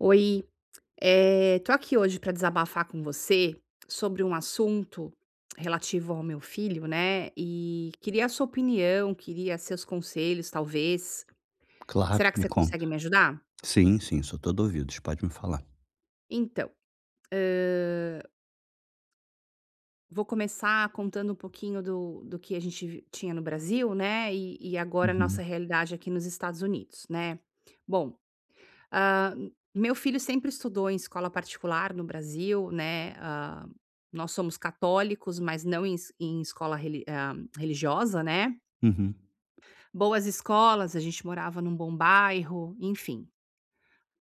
Oi, eh, tô aqui hoje pra desabafar com você sobre um assunto relativo ao meu filho, né. E queria a sua opinião, queria seus conselhos, talvez. Claro, Será que me você conta. consegue me ajudar? Sim, sim. Sou todo ouvidos, pode me falar. Então, hã Vou começar contando um pouquinho do do que a gente vi tinha no Brasil, né, e e agora a Uhum. nossa realidade aqui nos Estados Unidos, né? Bom, ah, meu filho sempre estudou em escola particular no Brasil, né. Ah, nós somos católicos, mas não em em escola reli ah, religiosa, né. Uhum. Boas escolas, a gente morava num bom bairro, enfim.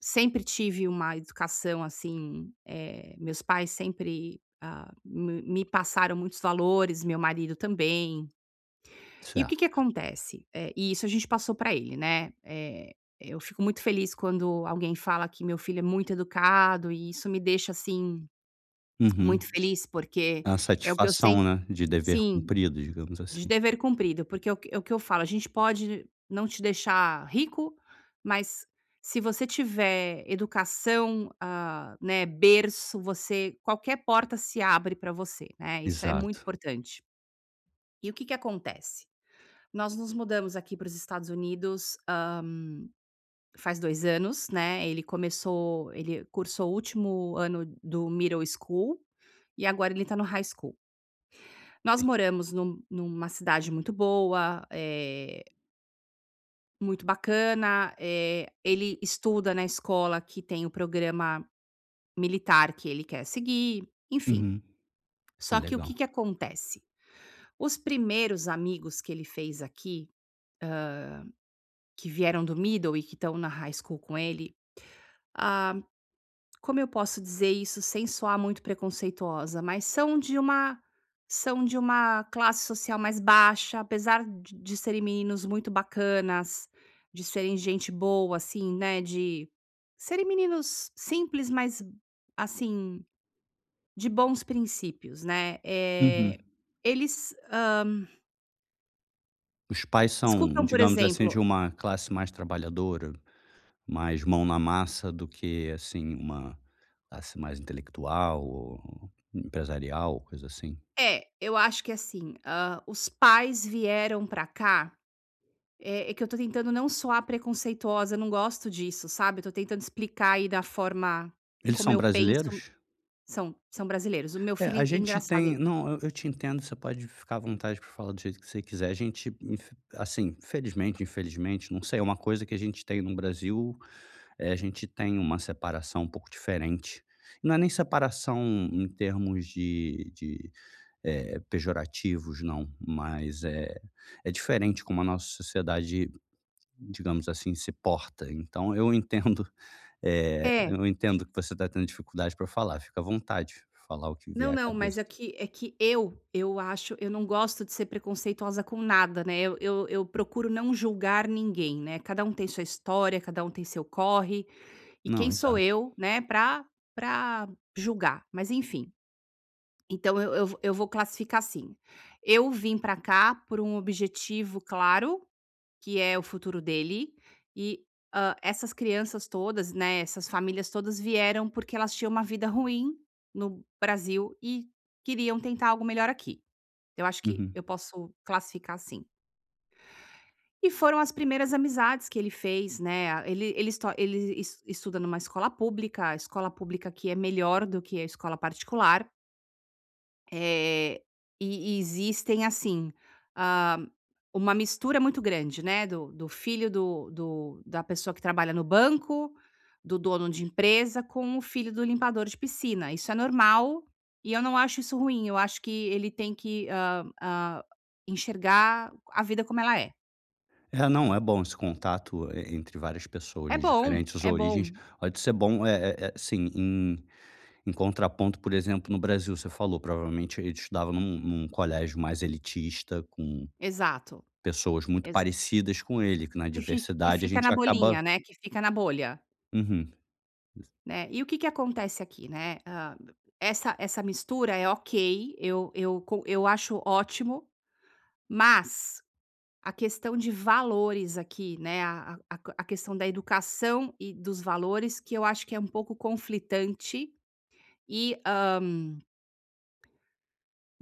Sempre tive uma educação assim, eh meus pais sempre, ah, me me passaram muitos valores, meu marido também. E o que que Certo. acontece? Eh, e isso a gente passou pra ele, né. Eh, eu fico muito feliz quando alguém fala que meu filho é muito educado e isso me deixa, assim, Uhum. muito feliz, porque A é o que eu satisfação, sem né, de dever sim, cumprido, digamos de assim. dever cumprido, porque é o que é o que eu falo: "A gente pode não te deixar rico, mas se você tiver educação, ah, né, berço, você qualquer porta se abre pra você, né? Isso é muito Exato. importante". E o que que acontece? Nós nos mudamos aqui para os Estados Unidos, hã, faz dois anos, né. Ele começou ele cursou o último ano do middle school e agora ele tá no high school. Nós Entendi. moramos num numa cidade muito boa, eh Muito bacana, eh, ele estuda na escola que tem o programa militar que ele quer seguir, enfim. Uhum. Ah, Só que, o que legal. que acontece? Os primeiros amigos que ele fez aqui, hã, que vieram do middle e que estão na high school com ele, ah, como eu posso dizer isso sem soar muito preconceituosa? Mas são de uma são de uma classe social mais baixa, apesar de de serem meninos muito bacanas, de serem gente boa assim, né, de serem meninos simples, mas, assim, de bons princípios, né, Uhum. eh, eles, hã... Os pais são, Escutam, por digamos assim, de exemplo uma classe mais trabalhadora, mais mão na massa do que, assim, uma classe mais intelectual ou empresarial, coisa assim? É, eu acho que é assim, hã, os pais vieram pra cá, eh, é que eu tô tentando não soar preconceituosa, eu não gosto disso, sabe, eu tô tentando explicar aí da forma Eles como são eu penso. brasileiros? São, são brasileiros, o meu É, filho a en gente engraçado tem el não, eu eu te entendo, você pode ficar à vontade pra falar do jeito que você quiser. A gente infe assim, felizmente, infelizmente, não sei, é uma coisa que a gente tem no Brasil, eh, a gente tem uma separação um pouco diferente, não é nem separação em termos de de, eh, pejorativos, não, mas é é diferente como a nossa sociedade, digamos assim, se porta, então, eu entendo, eh, É. eu entendo que você está tendo dificuldade pra falar, fica à vontade de falar o que Não, vier à não, cabeça. mas é que é que eu eu acho eu não gosto de ser preconceituosa com nada, né, eu eu eu procuro não julgar ninguém, né, cada um tem sua história, cada um tem seu corre e Não, quem exa sou eu, né, pra pra julgar? Mas, enfim, então eu eu eu vou eu vou classificar assim: eu vim pra cá por um objetivo claro, que é o futuro dele e, hã, essas crianças todas, né, essas famílias todas vieram, porque elas tinham uma vida ruim no Brasil e queriam tentar algo melhor aqui. Eu acho que Uhum. eu posso classificar assim. E foram as primeiras amizades que ele fez, né? Ah, ele ele esto ele es estuda numa escola pública, a escola pública aqui é melhor do que a escola particular. Eh, e e existem assim. Ah, uma mistura muito grande, né, do do filho do do da pessoa que trabalha no banco, do dono de empresa, com o filho do limpador de piscina. Isso é normal e eu não acho isso ruim. Eu acho que ele tem que, hã hã, enxergar a vida como ela é. É, não, é bom esse contato e entre várias pessoas É de bom, diferentes é origens, bom. pode ser bom, eh eh eh, sim, em em contraponto, por exemplo, no Brasil, você falou provavelmente ele estudava num num colégio mais elitista com Exato, pessoas muito exa parecidas com ele, que na Que fi que adversidade a fica gente na acaba bolhinha, né, que fica na bolha. Uhum. [unintelligible] Né, e o que que acontece aqui, né? Ah, essa essa mistura é ok. Eu eu co eu acho ótimo, mas a questão de valores aqui, né, a a a q a questão da educação e dos valores, que eu acho que é um pouco conflitante e, hã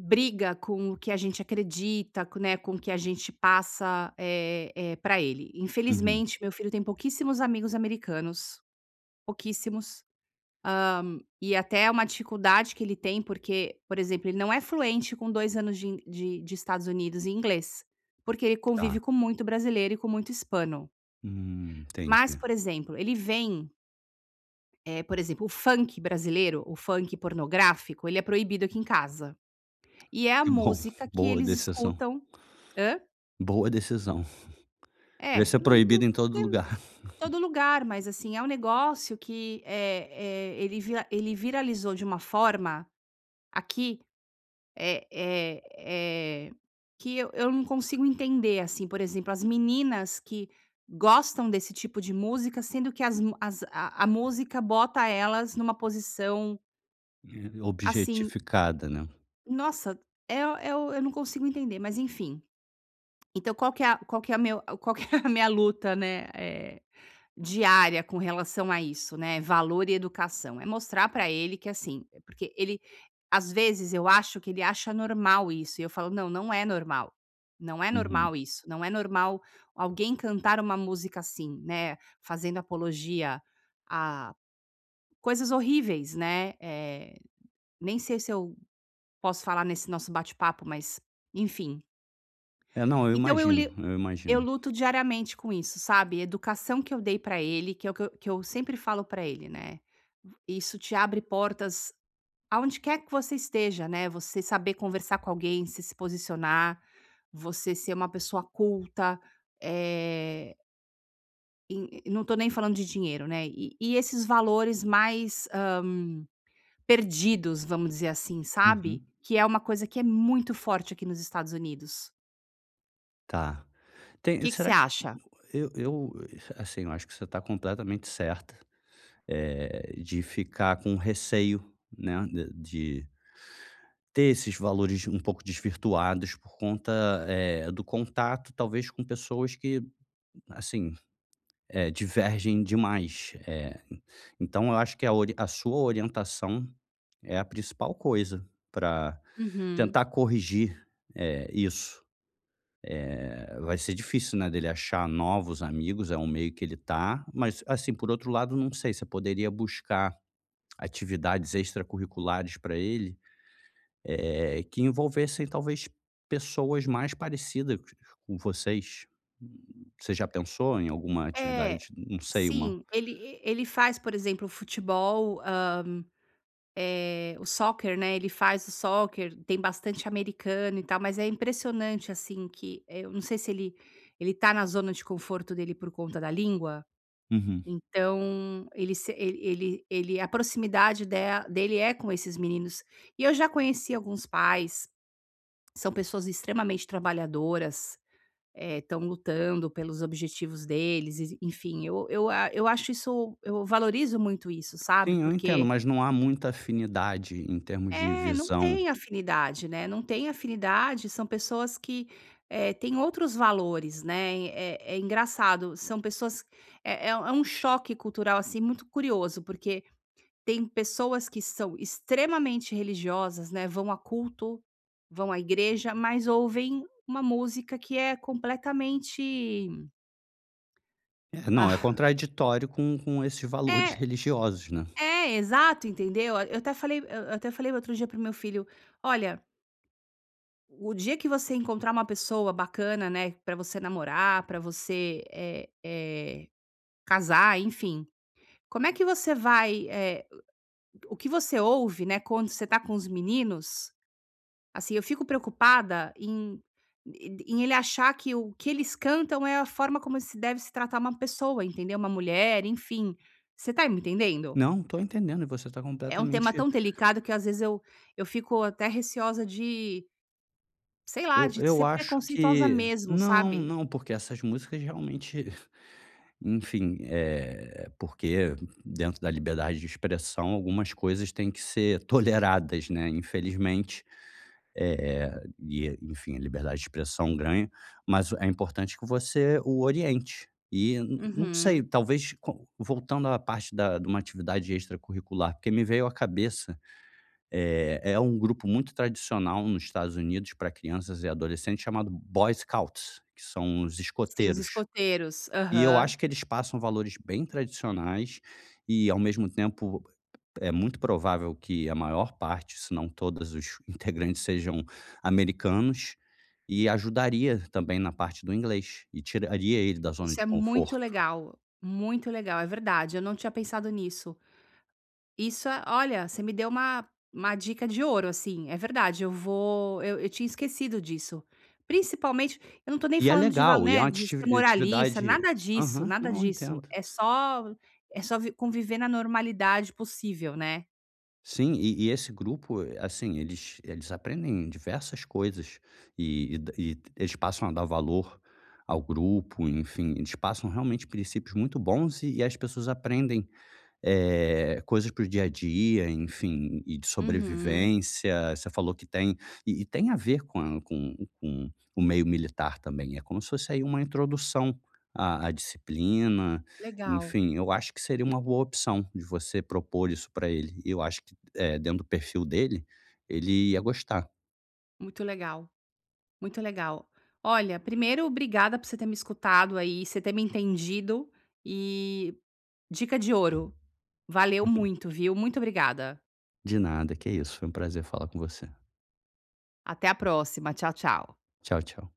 Briga com o que a gente acredita, né, com o que a gente passa, eh eh, pra ele. Uhum. Infelizmente, meu filho tem pouquíssimos amigos americanos, pouquíssimos. Hã, e até é uma dificuldade que ele tem, porque, por exemplo, ele não é fluente com 2 anos de in de de Estados Unidos em inglês, porque ele convive Tá. com muito brasileiro e com muito hispano. Hum, Mas, entendi. por exemplo, ele vem Eh, por exemplo, o funk brasileiro, o funk pornográfico, ele é proibido aqui em casa, e é a Que bom, música que boa eles decisão. escutam hã? Boa decisão. É, Devia n ser n proibido não em todo tem lugar. todo lugar, mas, assim, é um negócio que, eh eh, ele vira ele viralizou de uma forma aqui, eh eh eh, que eu eu não consigo entender, assim, por exemplo, as meninas que gostam desse tipo de música, sendo que as mu as a a música bota elas numa posição Eh, Assim objetificada, né? Nossa, é o é o eu não consigo entender, mas, enfim então, qual que é a qual que é meu qual que é a minha luta, né, eh, diária com relação a isso, né, valor e educação? É mostrar pra ele que, assim eh, porque ele às vezes, eu acho que ele acha normal isso e eu falo: "Não, não é normal, não é Uhum. normal isso, não é normal alguém cantar uma música assim, né, fazendo apologia a coisas horríveis", né, eh, nem sei se eu posso falar nesse nosso bate-papo, mas, enfim É, não, eu Então eu imagino, li eu eu imagino. luto diariamente com isso, sabe? Educação que eu dei pra ele que é o que eu que eu sempre falo pra ele, né: "V isso te abre portas aonde quer que você esteja, né, você saber conversar com alguém, você se posicionar, você ser uma pessoa culta", eh en e e não tô nem falando de dinheiro, né, e e esses valores mais, hã, perdidos, vamos dizer assim, sabe? Uhum. Que é uma coisa que é muito forte aqui nos Estados Unidos. Tá, tem Que que você será acha? eu eu, assim, eu acho que você está completamente certa, eh, de ficar com o receio, né, de de ter esses valores um pouco desvirtuados por conta é do contato, talvez com pessoas que, assim, eh, divergem demais. Eh, então eu acho que a ori a sua orientação é a principal coisa para Uhum. tentar corrigir, eh, isso. Eh, vai ser difícil, né, dele achar novos amigos, é um meio que ele tá, mas assim, por outro lado, não sei se poderia buscar atividades extracurriculares para ele, eh, que envolvessem talvez pessoas mais parecidas com vocês. Você já pensou em alguma É, atividade, não sei, uma sim, ele ele faz, por exemplo, o futebol, hã, eh, o soccer, né. Ele faz o soccer, tem bastante americano e tal, mas é impressionante, assim, que, eh, eu não sei se ele ele está na zona de conforto dele por conta da língua. Uhum. Então, ele se ele ele ele a proximidade dela dele é com esses meninos, e eu já conheci alguns pais. São pessoas extremamente trabalhadoras, eh, estão lutando pelos objetivos deles e s enfim, eu eu a eu acho isso eu valorizo muito isso sabe, Sim, eu entendo, porque mas não há muita afinidade em termos de É, não visão. tem afinidade, né. Não tem afinidade, são pessoas que, eh, tem outros valores, né. É é engraçado, são pessoas, é é é um choque cultural, assim, muito curioso, porque tem pessoas que são extremamente religiosas, né. Vão a culto, vão à igreja, mas ouvem uma música que é completamente É, não, é Ah. contraditório com com esse valor de É. religiosos, né. É exato, entendeu, eu até falei eu eu até falei outro dia para meu filho: "Olha" O dia que você encontrar uma pessoa bacana, né, pra você namorar pra você, eh eh, casar, enfim, como é que você vai, eh, o o que você ouve, né, quando você tá com os meninos, assim, eu fico preocupada em e d em ele achar que o que eles cantam é a forma como se deve se tratar uma pessoa, entendeu, uma mulher, enfim, você tá me entendendo? Não, tô entendendo e você tá É um tema completamente tão delicado que eu, às vezes, eu eu fico até receosa de, sei lá, Eu de eu ser acho preconceituosa que mesmo, não sabe? não, porque essas músicas realmente, enfim, eh, porque dentro da liberdade de expressão, algumas coisas têm que ser toleradas, né, infelizmente, eh eh, e, enfim, a liberdade de expressão ganha, mas o é importante que você o oriente e n n não sei, Uhum. talvez, com voltando à parte da de uma atividade extracurricular, porque me veio à cabeça. Eh, é um grupo muito tradicional nos Estados Unidos pra crianças e adolescentes, chamado Boy Scouts, que são os Sim, os escoteiros escoteiros. e eu Aham. acho que eles passam valores bem tradicionais, e ao mesmo tempo é muito provável que a maior parte, se não todos os integrantes sejam americanos e ajudaria também na parte do inglês e tiraria ele da zona Isso de é muito conforto. legal, muito legal, é verdade, eu não tinha pensado nisso. Isso é olha, você me deu uma uma dica de ouro, assim, é verdade, eu vou eu eu tinha esquecido disso, principalmente eu não tô nem E é falando de val, legal e é né, uma de atiti ser moralista, atividade. nada disso, Aham, nada não, eu disso. entendo. É só é só vi conviver na normalidade possível, né. Sim, e e esse grupo, eh, assim, eles eles aprendem diversas coisas e e da e eles passam a dar valor ao grupo, enfim, eles passam realmente princípios muito bons e e as pessoas aprendem, eh, coisas para o dia a dia, enfim, e e de Uhum. sobrevivência. Você falou que tem e e tem a ver com a com com o meio militar também, é como se fosse aí uma introdução a a disciplina. Legal. Enfim, eu acho que seria uma boa opção de você propor isso pra ele, e eu acho que, eh, dentro do perfil dele, ele ia gostar. Muito legal, muito legal. Olha, primeiro, obrigada por você ter me escutado aí, você ter me entendido e dica de ouro, valeu Uhum. muito, viu muito obrigada. De nada, que isso. Foi um prazer falar com você. Até a próxima. Tchau, tchau. Tchau, tchau.